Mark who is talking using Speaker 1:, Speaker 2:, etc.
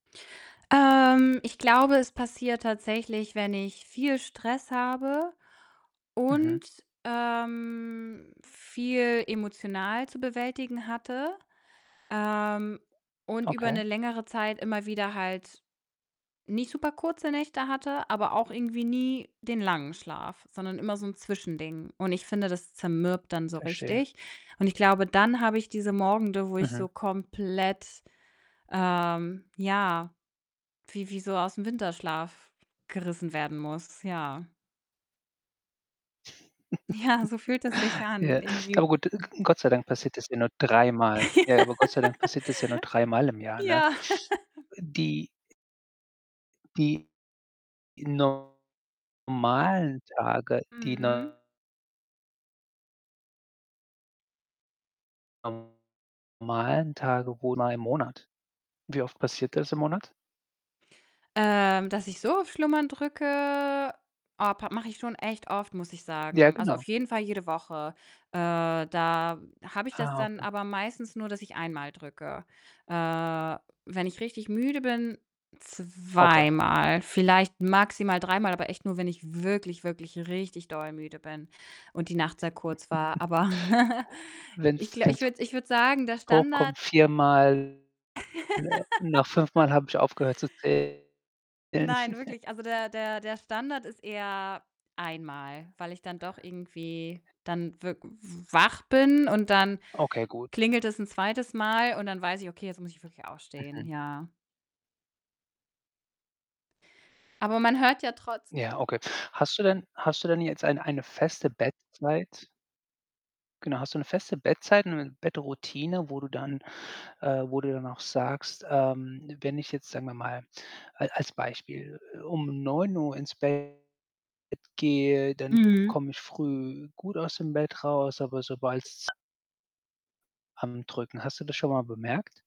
Speaker 1: Ähm, ich glaube, es passiert tatsächlich, wenn ich viel Stress habe
Speaker 2: Mhm.
Speaker 1: und, ähm, viel emotional zu bewältigen hatte, ähm, und über
Speaker 2: Okay.
Speaker 1: 'ne längere Zeit immer wieder halt nicht super kurze Nächte hatte, aber auch irgendwie nie den langen Schlaf, sondern immer so 'n Zwischending und ich finde, das zermürbt dann so
Speaker 2: Verstehe.
Speaker 1: richtig und ich glaube, dann habe ich diese Morgende, wo ich
Speaker 2: Mhm.
Speaker 1: so komplett, ähm ja, wie wie so aus'm Winterschlaf gerissen werden muss, ja. Ja, so fühlt es sich an
Speaker 2: Ja,
Speaker 1: irgendwie
Speaker 2: aber gut, G Gott sei Dank passiert das ja nur dreimal. Ja, aber Gott sei Dank passiert das ja nur dreimal im Jahr, ne?
Speaker 1: Ja.
Speaker 2: Die die normalen Tage, die
Speaker 1: Mhm.
Speaker 2: no normalen Tage wo in einem Monat? Wie oft passiert das im Monat?
Speaker 1: Ähm, dass ich so auf Schlummern drücke, oh, pa mache ich schon echt oft, muss ich
Speaker 2: Ja,
Speaker 1: sagen. Also, auf
Speaker 2: genau.
Speaker 1: jeden Fall jede Woche. Äh, da habe ich das
Speaker 2: Ah,
Speaker 1: dann
Speaker 2: okay.
Speaker 1: aber meistens nur, dass ich einmal drücke. Äh, wenn ich richtig müde bin,
Speaker 2: Okay.
Speaker 1: zweimal, vielleicht maximal dreimal, aber echt nur, wenn ich wirklich, wirklich richtig doll müde bin und die Nacht sehr kurz war. Aber ich
Speaker 2: Wenn's
Speaker 1: gla ich
Speaker 2: wenn's,
Speaker 1: würde ich würde sagen, der Standard
Speaker 2: vorkommt viermal, nach fünfmal habe ich aufgehört zu zählen.
Speaker 1: Nein, wirklich, also, der der der Standard ist eher einmal, weil ich dann doch irgendwie dann wirk w wach bin und dann
Speaker 2: Okay, gut.
Speaker 1: klingelt es 'n 2. Mal und dann weiß ich: „Okay, jetzt muss ich wirklich aufstehen“,
Speaker 2: Mhm.
Speaker 1: ja. Aber man hört ja trotz
Speaker 2: Ja, okay. Hast du denn hast du denn jetzt ein eine feste Bettzeit? Genau, hast du 'ne feste Bettzeit und 'ne Bettroutine, wo du dann äh, wo du dann auch sagst, ähm: „Wenn ich jetzt, sagen wir mal, al als Beispiel, um 09:00 ins Bett gehe, dann k
Speaker 1: Mhm.
Speaker 2: komme ich früh gut aus dem Bett raus, aber sobald's“ „am Drücken." Hast du das schon mal bemerkt?